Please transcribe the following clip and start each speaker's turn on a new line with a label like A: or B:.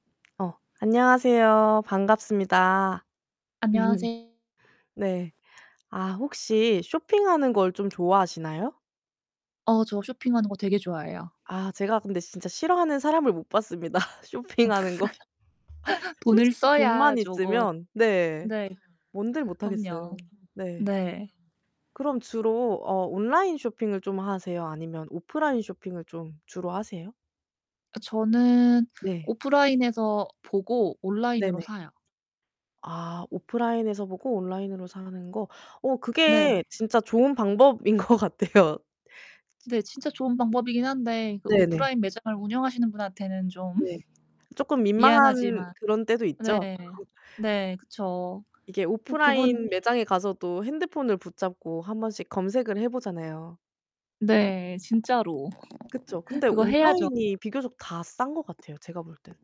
A: 어, 안녕하세요. 반갑습니다.
B: 안녕하세요.
A: 네. 아 혹시 쇼핑하는 걸 좀 좋아하시나요?
B: 어 저 쇼핑하는 거 되게 좋아해요.
A: 아 제가 근데 진짜 싫어하는 사람을 못 봤습니다 쇼핑하는 거.
B: 돈을
A: 솔직히
B: 써야
A: 돈만
B: 쪼금
A: 있으면 네,
B: 네
A: 뭔들 못
B: 그럼요.
A: 하겠어요. 네.
B: 네.
A: 그럼 주로 어 온라인 쇼핑을 좀 하세요? 아니면 오프라인 쇼핑을 좀 주로 하세요?
B: 어 저는
A: 네.
B: 오프라인에서 보고
A: 네
B: 온라인으로
A: 네.
B: 사요.
A: 아 오프라인에서 보고 온라인으로 사는 거 어
B: 네.
A: 그게 진짜 좋은 방법인 것 같아요. 치
B: 네. 진짜 좋은 방법이긴 한데 그
A: 네 네.
B: 오프라인 매장을 운영하시는 분한테는 좀
A: 네. 쪼끔 민망한
B: 미안하지만.
A: 그런 때도
B: 네.
A: 있죠.
B: 네. 그쵸.
A: 이게
B: 으 그분
A: 오프라인 매장에 가서도 핸드폰을 붙잡고 한번씩 검색을 해 보잖아요.
B: 네, 진짜로.
A: 그쵸. 근데
B: 그거 해야죠.
A: 온라인이 비교적 다 싼 것 같아요 제가 볼 때는.